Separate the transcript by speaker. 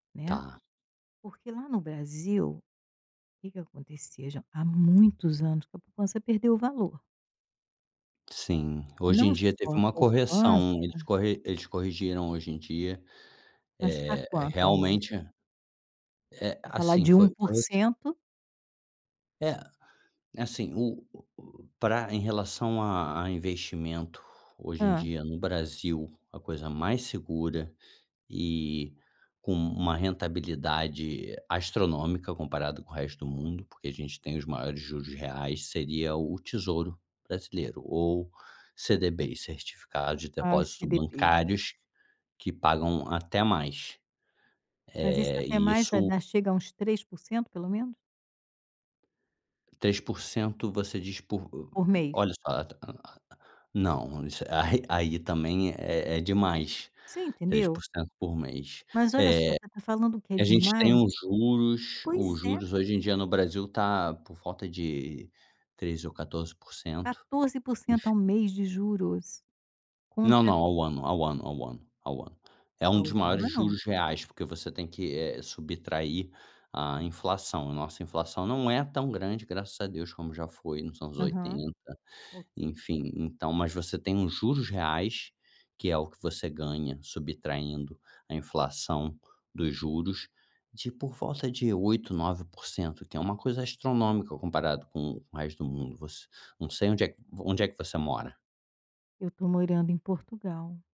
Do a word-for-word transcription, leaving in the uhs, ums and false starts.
Speaker 1: Né,
Speaker 2: Tá.
Speaker 1: porque lá no Brasil, que que aconteceu, já, há muitos anos que a poupança perdeu valor.
Speaker 2: Sim, hoje em
Speaker 1: Não
Speaker 2: dia, teve
Speaker 1: só a
Speaker 2: uma
Speaker 1: poupança
Speaker 2: correção, eles corre eles corrigiram hoje em dia,
Speaker 1: Mas está
Speaker 2: eh, re
Speaker 1: quanto ao mês?
Speaker 2: realmente é,
Speaker 1: E falar
Speaker 2: assim,
Speaker 1: de um
Speaker 2: foi foi assim.
Speaker 1: porcento.
Speaker 2: É, assim,o para em relação a a investimento, hoje em
Speaker 1: Hã.
Speaker 2: dia, no Brasil, a coisa mais segura e com uma rentabilidade astronômica, comparada com o resto do mundo, porque a gente tem os maiores juros reais, seria o tesouro brasileiro, ou CDB's certificados de
Speaker 1: Ah, o
Speaker 2: depósito
Speaker 1: CDB.
Speaker 2: bancários, que pagam até mais
Speaker 1: Mas isso,
Speaker 2: eh,
Speaker 1: até
Speaker 2: e
Speaker 1: mais vai
Speaker 2: isso
Speaker 1: dar chega a uns três porcento pelo menos.
Speaker 2: três porcento você diz por o
Speaker 1: Por mês?
Speaker 2: olha só, não isso a re aí, também, é é demais,
Speaker 1: Você
Speaker 2: três
Speaker 1: entendeu?
Speaker 2: por cento por mês,
Speaker 1: Mas olha só, você está falando que é
Speaker 2: eh, a gente tem
Speaker 1: demais?
Speaker 2: os juros os
Speaker 1: Pois é.
Speaker 2: juros, hoje em dia no Brasil, está por volta de treze porcento ou quatorze porcento,
Speaker 1: quatorze porcento
Speaker 2: enfim.
Speaker 1: ao mês de juros,
Speaker 2: Não,
Speaker 1: contra
Speaker 2: não, ao ano ao ano ao ano ao ano, é um
Speaker 1: Ao
Speaker 2: dos maiores
Speaker 1: ano?
Speaker 2: juros reais, porque você tem que, eh, subtrair a inflação, a nossa inflação, não é tão grande graças a Deus como já foi nos anos
Speaker 1: Aham,
Speaker 2: oitenta,
Speaker 1: ok.
Speaker 2: enfim, então, mas você tem os juros reais, que é o que você ganha, subtraindo a inflação dos juros, de por volta de oito porcento, nove porcento, que é uma coisa astronômica, comparado com o resto do mundo você não sei onde é onde é que você mora?
Speaker 1: Eu tô morando em Portugal.